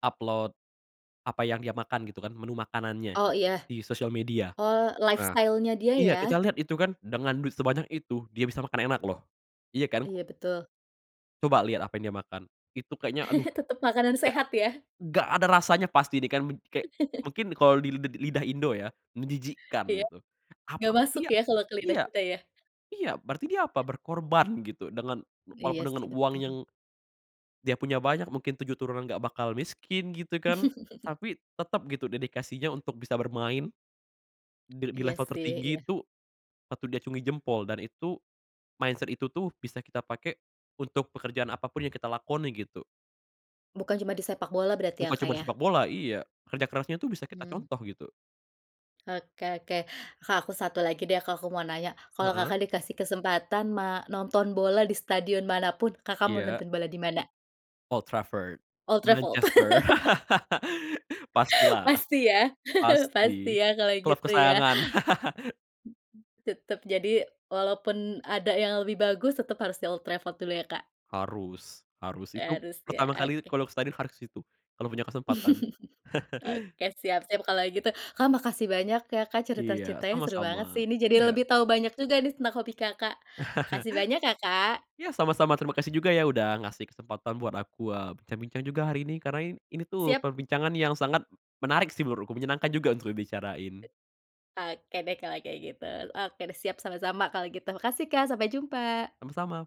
Upload apa yang dia makan gitu kan, menu makanannya Oh, gitu iya. di sosial media. Oh Nah, lifestyle-nya dia, iya kita ya? liat itu kan dengan duit sebanyak itu dia bisa makan enak loh. Iya kan? Iya, betul. Coba liat apa yang dia makan. Itu kayaknya, aduh, Tetep makanan nggak sehat, ya? nggak ada rasanya pasti ini kan, kek mungkin kalau di lid lidah Indo ya menjijikkan, Iya. gitu. Nggak Apa masuk tapi ya, ya kalo ke lidah iya, kita, ya? iya berarti dia apa? Berkorban gitu, dengan Iya walaupun dengan sih, uang yang betul. dia punya banyak mungkin 7 turunan nggak bakal miskin, gitu kan. Tapi tetep gitu, dedikasinya untuk bisa bermain dil di Iya level sih, tertinggi iya. tuh patut diacungi jempol dan itu mindset itu tuh, bisa kita pake untuk pekerjaan apapun yang kita lakoni, gitu. Bukan cuma di sepakbola berarti ya, Bukan Kak, cuman ya? sepakbola, iya. Kerja kerasnya tuh bisa kita Mmm. contoh, gitu. Oke, oke. Kak, aku satu lagi deh, Kak, aku mau nanya, kalo Heeh. Kakak dikasih kesempatan ma nonton bola di stadion manapun Kakak mau Iya. nonton bola di mana? Old Trafford, Old Trafford. Manchester. Pastilah, Pasti ya, pasti pasti ya kalo klub gitu ya. kesayangan. Tetep, jadi walaupun ada yang lebih bagus, tetep harus di Old Trafford dulu ya, Kak. Harus, harus, itu Arus ya, pertama kali oke. kalo ke satdion harus ke situ, kalo punya kesempatan. Oke, siap. Siap kalo, gitu. Kak, makasih banyak ya, Kak, Iya, cerita-ceritanya seru sama-sama, banget sih ini, jadi iya. lebih tahu banyak juga nih tentang hobi Kakak. Makasih banyak ya, Kak. Ya, sama-sama, terima kasih juga ya, udah ngasih kesempatan buat aku, eee, bincang-bincang juga hari ini, karena i ini tuh Siap. perbincangan yang sangat menarik sih menurutku, menyenangkan juga untuk dibicarain. Oke deh, kalo kayak gitu, oke deh. Siap sama-sama kalau gitu. Makasih, Kak, sampai jumpa! Sama-sama!